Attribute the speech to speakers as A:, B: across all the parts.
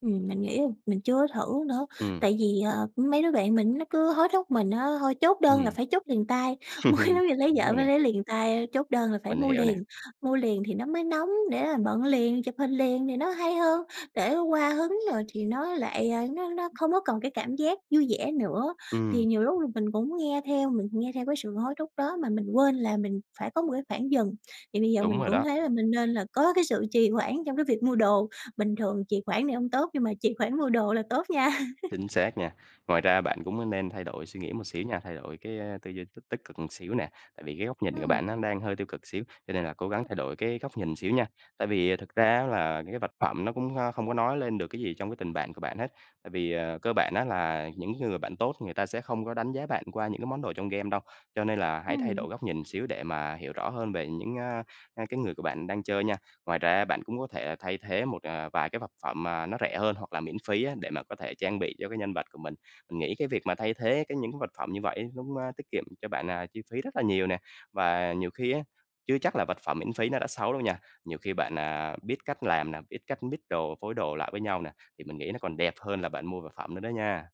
A: Ừm, mình nghĩ mình chưa thử nữa,
B: Ừm.
A: tại vì, à, mấy đứa bạn mình nó cứ hối thúc mình á, thôi chốt đơn là
B: Ừm.
A: phải chốt liền tay, mới giống như lấy
B: Đúng
A: vợ
B: rồi
A: phải
B: nè.
A: lấy liền tay, chốt đơn là phải
B: Mình
A: mua
B: hiểu nè.
A: liền. Mua liền thì nó mới nóng để là bận liền, chụp hình liền thì nó hay hơn, để qua hứng rồi thì nó lại, ờ, nó nó không có còn cái cảm giác vui vẻ nữa. Thì
B: Ừm.
A: nhiều lúc thì mình cũng nghe theo, mình nghe theo cái sự hối thúc đó mà mình quên là mình phải có một cái khoảng dừng. Thì bây giờ
B: Đúng
A: mình
B: rồi
A: cũng
B: đó.
A: thấy là mình nên là có cái sự trì hoãn trong cái việc mua đồ. Bình thường trì hoãn thì hông tốt, nhưng mà trì hoãn mua đồ là tốt nha.
B: Chính xác nha. Ngoài ra bạn cũng nên thay đổi suy nghĩ một xíu nha, thay đổi cái tư duy tích tích cực một xíu nè, tại vì cái góc nhìn của
A: Ừm.
B: bạn nó đang hơi tiêu cực xíu, cho nên là cố gắng thay đổi cái góc nhìn xíu nha. Tại vì thực ra á là những cái vật phẩm nó cũng, ơ, không có nói lên được cái gì trong cái tình bạn của bạn hết. Tại vì, ờ, cơ bản á là những người bạn tốt người ta sẽ không có đánh giá bạn qua những cái món đồ trong game đâu, cho nên là hãy thay
A: Ừm.
B: đổi góc nhìn xíu để mà hiểu rõ hơn về những, ơ, a, cái người của bạn đang chơi nha. Ngoài ra á, bạn cũng có thể thay thế một, à, vài cái vật phẩm mà nó rẻ hơn hoặc là miễn phí á, để mà có thể trang bị cho cái nhân vật của mình. Mình nghĩ cái việc mà thay thế cái những cái vật phẩm như vậy nó cũng, a, tiết kiệm cho bạn, à, chi phí rất là nhiều nè, và nhiều khi á, chưa chắc là vật phẩm miễn phí nó đã xấu đâu nha. Nhiều khi bạn, à, biết cách làm nè, biết cách mix đồ, phối đồ lại với nhau nè, thì mình nghĩ nó còn đẹp hơn là bạn mua vật phẩm nữa đó nha.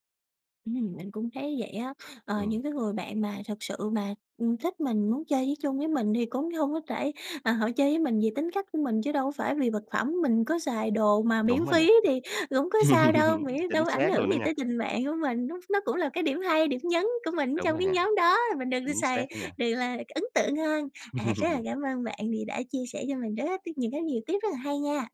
A: Ừm, mình cũng thấy vậy á. Ờ,
B: Ừm.
A: những cái người bạn mà thực sự mà, ừm, thích mình, muốn chơi với chung với mình thì cũng hông có trải ờ, họ chơi với mình vì tính cách của mình chứ đâu có phải vì vật phẩm, mình có xài đồ mà
B: Đúng
A: miễn
B: rồi nè.
A: phí thì cũng có sao đâu, miễn
B: Chính
A: đâu có ảnh
B: xác
A: hưởng
B: luôn á
A: gì
B: nha.
A: tới tình bạn của mình. Nó nó cũng là cái điểm hay, điểm nhấn của mình ở
B: Đúng
A: trong
B: rồi
A: cái
B: nè.
A: nhóm đó, là mình được
B: Chính xác
A: xài,
B: đó nha.
A: được là ấn tượng hơn. À, rất là cảm ơn bạn vì đã chia sẻ cho mình rất tip nhiều cái, nhiều tip rất là hay nha!